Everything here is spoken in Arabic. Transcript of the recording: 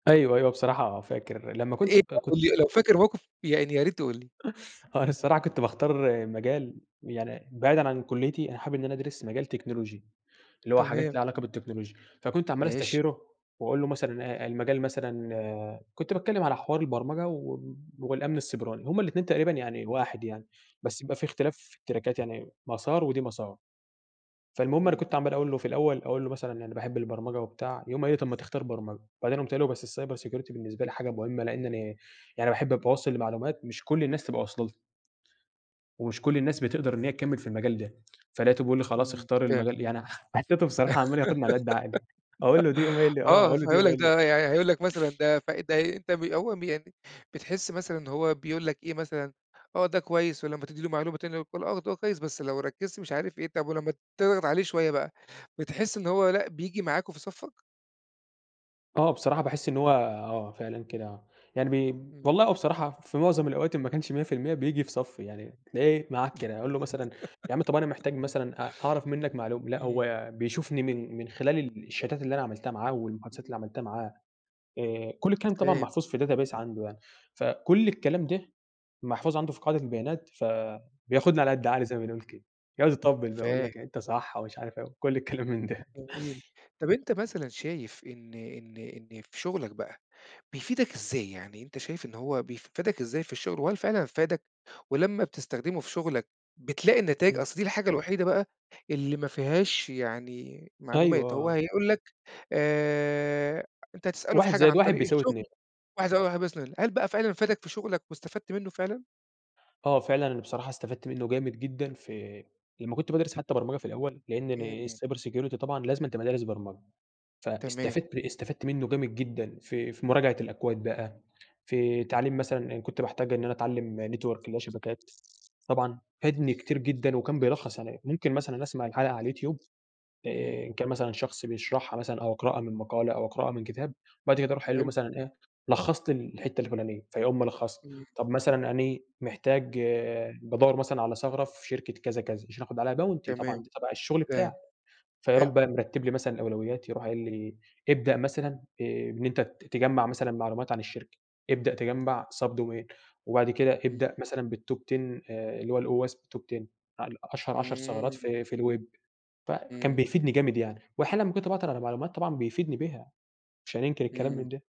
أيوه، أيوه. بصراحة فاكر لمّا كنت إيه ب بقى كنت قٌل لي، لو فاكر موقف يعني يا ريت تقول لي؟ هو أنا الصراحة كنت باختار مجال يعني بعيدًا عن كُلّيتي، أنا حابب إن أنا أدرس مجال تكنولوجي، اللي هو حاجات ليها تمام. علاقة بالتكنولوجيا. فكنت عمّال ماشي. أستشيره وأقول له مثلًا إيه، المجال مثلًا كنت باتكلّم على حوار البرمجة و والأمن السيبراني. هم الاتنين تقريبًا يعني واحد يعني بس يبقى في اختلاف في التراكات يعني مسار ودي مسار. فالمهم أنا إمم. كنت عمّال أقول له في الأول أقول له مثلًا أنا باحب البرمجة، وبتاع. يقوم قايل لي: "طب ما تختار برمجة." وبعدين قُمت قايل له: "بس الcyber security بالنسبة لي حاجة مهمة لإن أنا يعني باحب أبقى واصل لمعلومات مش كل الناس تبقى واصله لها." ومش كل الناس بتقدر إن هي تكمّل في المجال ده. فلقيته بيقول لي: "خلاص إمم. اختار [unintelligible] المجال" يعني حسّيته بصراحة عمّال ياخُدني على قد عقلي. أقول له: "دي." يقوم قايل لي: "آه. آه. أقول له: "دي." فهيقول يقوم لك قايل لي أ ده يعني هيقول لك مثلًا ده ف- ده ي أنت م هو م يعني بتحِس مثلًا إن هو بيقول لك إيه مثلًا آه، ده كويس ولمّا تدّي له معلومة تاني يقول لك آه، ده هو كويس بس لو ركّزت مش عارف إيه، طب ولمّا تضغط عليه شوية بقى بتحِس إن هو لأ بييجي معاك وفي صفّك؟ آه. بصراحة باحس إن هو آه، فعلًا كده آه. يعني بي إمم. والله هو بصراحة في معظم الأوقات إن ما كانش 100% بييجي في صفّي، يعني تلاقيه معاك كده. أقول له مثلًا يا عم طب أنا محتاج مثلًا أ أعرف منّك معلوم لأ إمم. هو بيشوفني من من خلال ال الشاتات اللي أنا عملتها معاه والمحادثات اللي امم. عملتها معاه. آآ كل الكلام طبعًا فاهم. محفوظ في database عنده يعني. فكل الكلام ده محفوظ عنده في قاعدة البيانات، فبياخُدني على قد عقلي زي ما بنقول كده. يقعد يطبّل يقول فاه لك أنت صح ومش عارف إيه وكل الكلام من ده. جميل. طب أنت مثلًا شايف إن إن إن في شغلك بقى بيفيدك إزاي؟ يعني أنت شايف إن هو بيف فادك إزاي في الشغل وهل فعلًا فادك ولمّا بتستخدمه في شغلك بتلاقي النتايج؟ إمم. أصل دي الحاجة الوحيدة بقى اللي ما فيهاش يعني أيوه. معلومات. آه، هو آه. هيقول لك آآ أنت هتسأله في 1 حاجة زائد عن 1 طريق بيساوي 2. الشغل [unintelligible] هل بقى فعلًا فادك في شغلك واستفدت منّه فعلًا؟ آه فعلًا. أنا بصراحة استفدت منّه جامد جدًا في لمّا كنت بادرس حتّى برمجة في الأول، لإن أنا إمم. الcyber security طبعًا لازمًا تبقى دارس برمجة. تمام. فاستفدت ب استفدت منّه جامد جدًا في في مراجعة الأكواد بقى، في تعليم مثلًا أنا كنت باحتاج إن أنا اتعلّم network اللي هو شبكات. طبعًا فادني كتير جدًا وكان بيلخّص عليّا. ممكن مثلًا أسمع الحلقة على اليوتيوب آآ إمم. إن كان مثلًا شخص بيشرحها مثلًا أو أقرأها من مقالة أو أقرأها من كتاب وبعد كده أروح قايل له حلو. مثلًا إيه، لخّص لي ال الحتّة الفُلانية، فيقوم ملخّصها. إمم. طب مثلًا أنا محتاج بادوّر مثلًا على ثغرة في شركة كذا، كذا يشرحه ب علي bounty طبعًا تمام. دي تبع الشغل فاهم. بتاعه. فيروح حلو. بقى مرتِّب لي مثلًا الأولويات، يروح قايل لي: "ابدأ مثلًا آآ بإن أنت ت تجمّع مثلًا معلومات عن الشركة، ابدأ تجمّع سابد وير وبعد كده إمم. ابدأ مثلًا بالtop 10 آآ اللي هو هو اسمه top 10 ال أشهر 10 ثغرات إمم. في في الweb. فكان إمم. بيفيدني جامد يعني. وأحيانًا لمّا كنت باعطل على معلومات طبعًا بيفيدني بها، مش هننكر الكلام إمم. من ده.